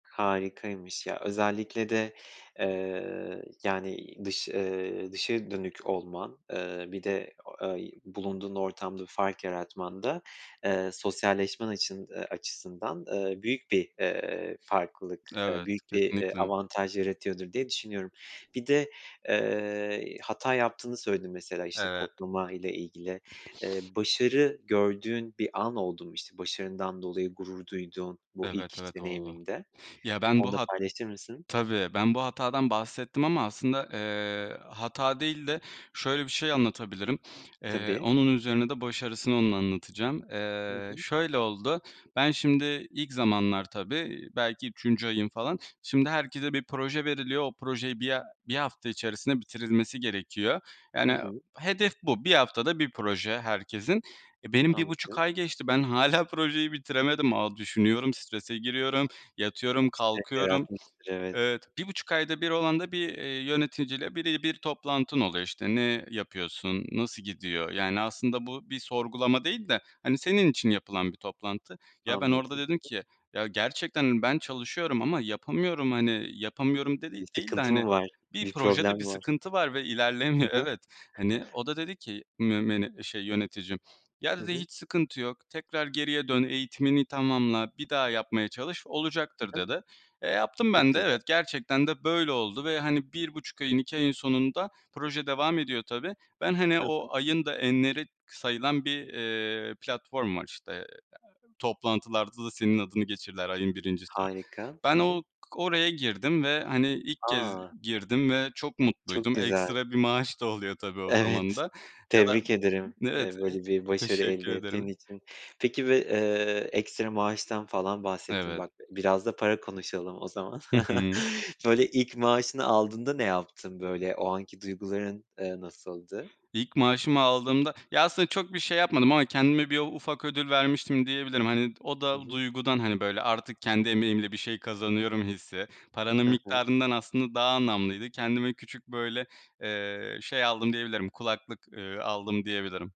Harikaymış ya, özellikle de, eee, yani, dış, eee, dışa dönük olman, eee, bir de o, eee, bulunduğun ortamda bir fark yaratman da, eee, sosyalleşmen açın, eee, açısından, eee, büyük bir, eee, farklılık, eee, Evet, büyük bir, eee, kesinlikle. avantaj yaratıyordur diye düşünüyorum. Bir de, eee, hata yaptığını söyledin mesela, işte, Evet. kodlama ile ilgili. Eee, başarı gördüğün bir an oldu mu, işte, başarından dolayı gurur duyduğun bu ilk Evet, iş evet, oldu. deneyiminde Ya ben onu bu da hat paylaşır mısın? tabii. Ben bu hatadan bahsettim ama aslında, eee, hata değil de, şöyle bir şey anlatabilirim. Eee, Tabii. onun üzerine de başarısını onun anlatacağım. Hı Eee, hı. şöyle oldu, ben şimdi ilk zamanlar tabii belki 3. ayım falan. Şimdi herkese bir proje veriliyor. O projeyi 1 ha 1 hafta içerisinde bitirilmesi gerekiyor. Hı Yani hı. hedef bu. 1 haftada 1 proje herkesin. Eee, benim 1.5 Anladım. ay geçti. Ben hâlâ projeyi bitiremedim. Aaa, düşünüyorum, strese giriyorum, Stres yatıyorum, kalkıyorum. yaratmıştır, evet. Evet, 1.5 ayda 1 olan da bir, eee, yöneticiyle bire bir toplantın oluyor, işte, ne yapıyorsun, nasıl gidiyor? Yani aslında bu bir sorgulama değil de, hani, senin için yapılan bir toplantı. Ya ben orada Anladım. dedim ki ya gerçekten hani, ben çalışıyorum ama yapamıyorum hani yapamıyorum de Bir değil de sıkıntı hani mı var, bir bir problem projede bir mi var? sıkıntı var ve Hı ilerlemiyor. hı. Evet. hani o da dedi ki mü şey, yöneticim "ya" Hı dedi hı. "Hiç sıkıntı yok, tekrar geriye dön, eğitimini tamamla, bir daha yapmaya çalış, Hı olacaktır." hı. dedi. Eee, yaptım Çok ben de. güzel. Evet, gerçekten de böyle oldu ve hani 1.5 ayın, 2 ayın sonunda proje devam ediyor tabii. Ben hani, Hı o hı. ayın da enleri k sayılan bir, eee, platform var, işte, eee, toplantılarda da senin adını geçirirler ayın 1.'si. Harika. Ben Hı hı. o k oraya girdim ve hani ilk kez A! girdim ve çok Çok mutluydum. güzel. Ekstra bir maaş da oluyor tabii o zaman da Evet. ya da Tebrik ederim, eee, Evet, e böyle bir başarı teşekkür elde ettiğin ederim. için. Peki bir, eee, ekstra maaştan falan bahsettin, Evet. bak biraz da para konuşalım o zaman. Hı hı. Böyle ilk maaşını aldığında ne yaptın böyle, o anki duyguların, eee, nasıldı? İlk maaşımı aldığımda, ya aslında çok bir şey yapmadım ama kendime bir u ufak ödül vermiştim diyebilirim. Hani, o I da hı. duygudan, hani, böyle, artık kendi emeğimle bir şey kazanıyorum hissi, paranın He he. miktarından aslında daha anlamlıydı. Kendime küçük böyle, eee, şey aldım diyebilirim kulaklık, eee, aldım diyebilirim.